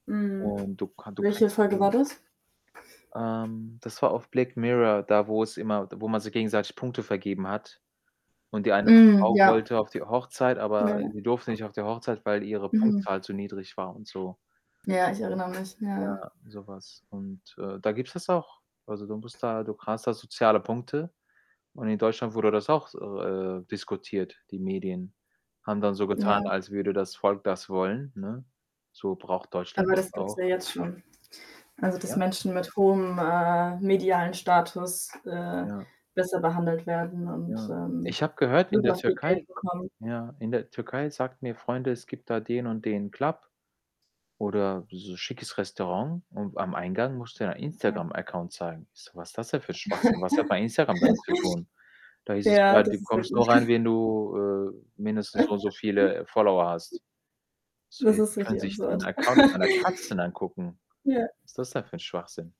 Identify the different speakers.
Speaker 1: Mhm.
Speaker 2: Und du kan du
Speaker 1: Welche
Speaker 2: kriegst
Speaker 1: Folge war
Speaker 2: so
Speaker 1: das?
Speaker 2: ähm, das war auf Black Mirror, da wo es immer wo man sich gegenseitig Punkte vergeben hat und die eine
Speaker 1: Mhm.
Speaker 2: Frau
Speaker 1: Ja.
Speaker 2: wollte auf die Hochzeit,
Speaker 1: Ja
Speaker 2: aber die
Speaker 1: ja.
Speaker 2: durfte nicht auf die Hochzeit, weil ihre
Speaker 1: Mhm.
Speaker 2: Punktzahl zu niedrig war und so.
Speaker 1: Ja, ich erinnere mich. Ja.
Speaker 2: Ja, so was und, äh, da gibt's das auch. Also, du musst da du hast da soziale Punkte und in Deutschland wurde das auch so, äh, diskutiert, die Medien. Haben dann so getan,
Speaker 1: Ja.
Speaker 2: als würde das Volk das wollen, ne? So braucht Deutschland
Speaker 1: Aber
Speaker 2: das
Speaker 1: das gibt's ja
Speaker 2: auch.
Speaker 1: jetzt schon. Also, dass
Speaker 2: Ja.
Speaker 1: Menschen mit hohem, äh, medialen Status, äh,
Speaker 2: Ja.
Speaker 1: besser behandelt werden und,
Speaker 2: Ja.
Speaker 1: ähm,
Speaker 2: Ich habe gehört in
Speaker 1: super
Speaker 2: der
Speaker 1: viel Geld
Speaker 2: Türkei
Speaker 1: bekommen.
Speaker 2: ja, in der Türkei sagten mir Freunde, es gibt da den und den Club oder so schickes Restaurant und am Eingang musst du da dein
Speaker 1: Ja.
Speaker 2: Instagram Account zeigen. Ich so: „Was das denn für Schwachsinn? Was hat mein Instagram damit zu tun?“ Da hieß es:
Speaker 1: Ja,
Speaker 2: „Ja, du
Speaker 1: das ist
Speaker 2: kommst
Speaker 1: richtig.
Speaker 2: nur rein, wenn du, äh, mindestens so und so viele Follower hast.“ So,
Speaker 1: Das
Speaker 2: die die
Speaker 1: ist
Speaker 2: können
Speaker 1: richtig
Speaker 2: sich den
Speaker 1: absurd.
Speaker 2: Account meiner Katzen angucken.
Speaker 1: Ja.
Speaker 2: Was ist das denn für 'n Schwachsinn?